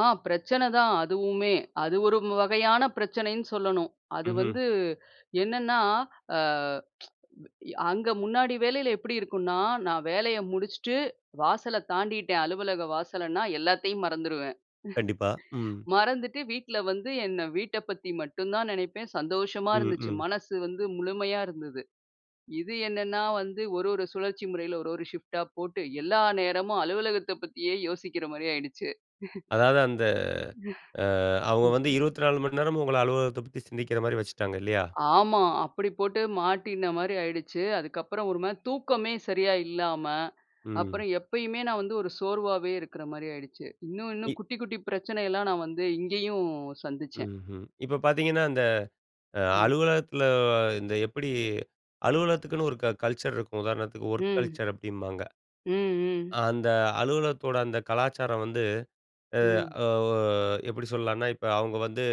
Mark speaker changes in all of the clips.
Speaker 1: ஆ பிரச்சனை தான் அதுவுமே! அது ஒரு மு வகையான பிரச்சனைன்னு சொல்லணும். அது
Speaker 2: ம்ஹ்ம்.
Speaker 1: வந்து என்னன்னா, ஆ எ அங்க முன்னாடி வேலையில எப்பிடி இருக்குன்னா, நான் வேலைய முடிச்சுட்டு வாசல தாண்டிட்டேன் அலுவலக வாசல்ன்னா எல்லாத்தையும் மறந்துருவேன்.
Speaker 2: கண்டிப்பா, ம்.
Speaker 1: மறந்துட்டு வீட்ல வந்து என்ன வீட்ட பத்தி மட்டும் தான் நினைப்பேன், சந்தோஷமா
Speaker 2: ம்,
Speaker 1: இருந்துச்சு,
Speaker 2: ம்.
Speaker 1: மனசு வந்து முழுமையா இருந்தது. இது என்னன்னா வந்து ஒரு ஒரு சுழற்சி முறையில ஒரு ஒரு ஷிஃப்ட் ஆ போட்டு எல்லா நேரமும் அலுவலகத்த பத்தியே யோசிக்கிறமாரி ஆயிடுச்சு.
Speaker 2: அதாது அந்த அ அவுங்க வந்து 24 மணி நேரமும் உங்கள அலுவலகத்த பத்தி சிந்திக்கிறமாரி வச்சுட்டாங்க இல்லயா?
Speaker 1: ஆமா. அப்பிடி போட்டு மாட்டினமாரி ஆயிடுச்சு. அதுக்கப்புறம் ஒருமாரி தூக்கமே சரியா இல்லாம,
Speaker 2: ம்.
Speaker 1: அப்புறம் எப்பயுமே நான் வந்து ஒரு சோர்வாவே இருக்கிறமாரி ஆயிடுச்சு. இன்னும் இன்னும்
Speaker 2: இ
Speaker 1: குட்டி குட்டி பிரச்சனைலாம் நான் வந்து இங்கேயும் சந்திச்சேன்.
Speaker 2: ம்ஹ்ம். இப்ப பாத்தீங்கன்னா, அந்த அ
Speaker 1: ம்.
Speaker 2: அலுவலகத்துல இந்த எப்பிடி அலுவலகத்துக்குன்னு ஒரு க கல்ச்சர் இருக்கும். உதாரணத்துக்கு ஒர்க்
Speaker 1: ம்.
Speaker 2: கல்ச்சர் அப்பிடிம்பாங்க.
Speaker 1: ம், ம்.
Speaker 2: அ அந்த அலுவலகத்தோட அந்த கலாச்சாரம் வந்து
Speaker 1: ம்.
Speaker 2: அ ஒ எப்பிடி சொல்லான்னா, இப்ப அவுங்க வந்து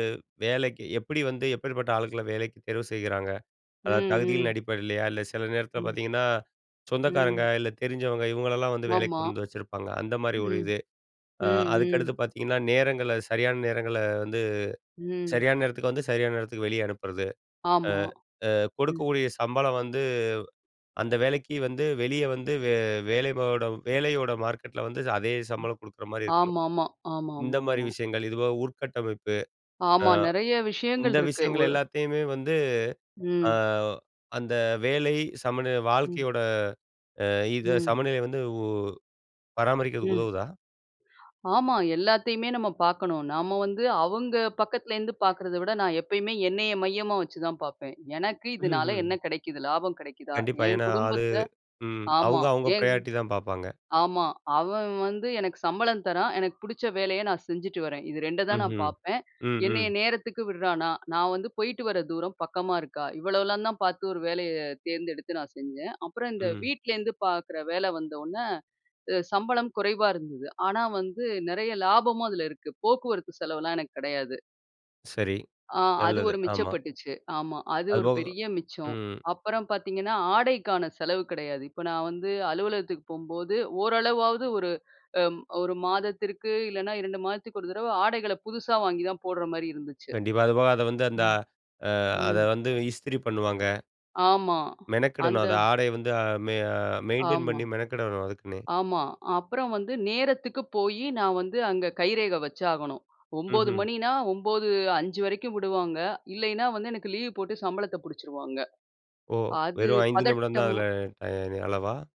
Speaker 2: வேலைக்கு, எப்பிடி வந்து எப்பேர்பட்ட ஆள்கள வேலைக்கி தேர்வு செய்றாங்க.
Speaker 1: ம்,
Speaker 2: அதாவது தகுதிகளின்
Speaker 1: ம்.
Speaker 2: அடிப்படையிலயா! இல்ல சில நேரத்தில
Speaker 1: ம்.
Speaker 2: பாத்தீங்கன்னா, சொந்தக்காரங்க
Speaker 1: ம்.
Speaker 2: இல்ல தெரிஞ்சவங்க இவங்களலாம் வந்து வேலைக்கு
Speaker 1: ஆமா.
Speaker 2: கொண்டு வந்து வச்சிருப்பாங்க அந்த மாதிரி ஒரு
Speaker 1: ம்,
Speaker 2: இது. அ
Speaker 1: ம்,
Speaker 2: அதுக்கடுத்து
Speaker 1: ம்.
Speaker 2: பாத்தீங்கன்னா, நேரங்கள சரியான நேரங்கள வந்து
Speaker 1: ம்.
Speaker 2: சரியான நேரத்துக்கு வந்து சரியான நேரத்துக்கு வெளியே அனுப்புறது. அ
Speaker 1: ஆமா,
Speaker 2: அ
Speaker 1: ம்.
Speaker 2: கொடுக்கக்கூடிய சம்பளம் வந்து அந்த வேலைக்கி வந்து வெளிய வந்து வே வேலபோடம் வேலையோட மார்க்கெட்ல வந்து அதே சம்பளம் கொடுக்குற மாரி இருக்கும்.
Speaker 1: ஆமாமா,
Speaker 2: இந்தமாரி
Speaker 1: ஆமாமாமா.
Speaker 2: விஷயங்கள். இதுபோக உற்கட்டமைப்பு, அ
Speaker 1: ஆமா. நெறையா விஷயங்கள்
Speaker 2: இந்த
Speaker 1: இருக்கு
Speaker 2: விஷயங்கள்
Speaker 1: ஒர்
Speaker 2: எல்லாத்தையுமே வந்து அ
Speaker 1: ம்.
Speaker 2: அந்த வேலை சமநிலை
Speaker 1: ம்.
Speaker 2: வாழ்க்கையோட அ இத
Speaker 1: ம்.
Speaker 2: சமநிலை வந்து உ பராமரிக்கிறதுக்கு
Speaker 1: ம்.
Speaker 2: உதவுதா?
Speaker 1: ஆமா. எல்லாத்தையுமே நாம பாக்கணும். நாம வந்து அவுங்க பக்கத்துல இருந்து பாக்குறத விட நான் எப்பயுமே என்னைய மையமா வச்சு தான் பாப்பேன். எனக்கு இதனால என்ன
Speaker 2: [unintelligible]
Speaker 1: கிடைக்குது? லாபம் கிடைக்குதா?
Speaker 2: கண்டிப்பா.
Speaker 1: என்
Speaker 2: ஏன்னா, அது
Speaker 1: குடும்பத்த,
Speaker 2: ம்
Speaker 1: ஆமா,
Speaker 2: அவுங்க அவுங்க
Speaker 1: என்
Speaker 2: பிரையாரிட்டி தான் பாப்பாங்க.
Speaker 1: ஆமா. அவன் வந்து எனக்கு சம்பளம் தரான். எனக்கு பிடிச்ச வேலைய நான் செஞ்சுட்டு வரேன். இது 2 தான் நான்
Speaker 2: ம்ஹ்ம்,
Speaker 1: பார்ப்பேன்.
Speaker 2: ம்,
Speaker 1: என்னைய
Speaker 2: ம்.
Speaker 1: நேரத்துக்கு விடுறான்னா! நான் வந்து போயிட்டு வர தூரம் பக்கமா இருக்கா! இவ்வளோலாம் தான் பார்த்து ஒரு வேலைய தேர்ந்தெடுத்து நான் செஞ்சேன். அப்பறம் இந்த
Speaker 2: ம்.
Speaker 1: வீட்லேந்து பாக்கிற வேலை வந்த உடனே அ சம்பளம் குறைவா இருந்தது. ஆனா வந்து நிறைய லாபமும் அதில இருக்கு. போக்குவரத்து செலவுலாம் எனக்கு கிடையாது.
Speaker 2: சரி,
Speaker 1: ஆ அது
Speaker 2: நல்லது.
Speaker 1: ஒரு
Speaker 2: ஆமா.
Speaker 1: மிச்சப்பட்டுச்சு. ஆமா அது ஒரு
Speaker 2: அதுபோக,
Speaker 1: பெரிய மிச்சம்.
Speaker 2: ம்.
Speaker 1: அப்பறம் பாத்தீங்கன்னா, ஆடைக்கான செலவு கிடையாது. இப்ப நான் வந்து அலுவலகத்துக்கு போம்போது, ஓரளவாவது ஒரு, அ 1 மாதத்திற்கு இல்லன்னா 2 மாதத்துக்கு ஒரு தடவ ஆடைகள புதுசா வாங்கி தான் போட்ற மாரி இருந்துச்சு.
Speaker 2: கண்டிப்பா. அதுபோக அத வந்து அந்த
Speaker 1: அ.
Speaker 2: அ அத
Speaker 1: ம்.
Speaker 2: வந்து இஸ்திரி பண்ணுவாங்க.
Speaker 1: ஆமா.
Speaker 2: மெனக்கிடணும்.
Speaker 1: அந்த
Speaker 2: அத ஆடைய வந்து மெ மெயின்டெயின்
Speaker 1: ஆமா,
Speaker 2: பண்ணி மெனக்கிடணும் அதுக்குன்னே.
Speaker 1: ஆமா. அப்பறம் வந்து நேரத்துக்கு போயி நான் வந்து அங்க கைரேகை வச்சு ஆகணும். 9 மணின்னா
Speaker 2: ம்ஹ்ம்.
Speaker 1: மணின்னா 9:05 வரைக்கும் விடுவாங்க. இல்லையின்னா, வந்து எனக்கு லீவ் போட்டு சம்பளத்த பிடிச்சிருவாங்க.
Speaker 2: ஓ!
Speaker 1: அது
Speaker 2: வெறும் 5 நிமிடம் தான்
Speaker 1: பதட்டமா
Speaker 2: அதில டை அளவா?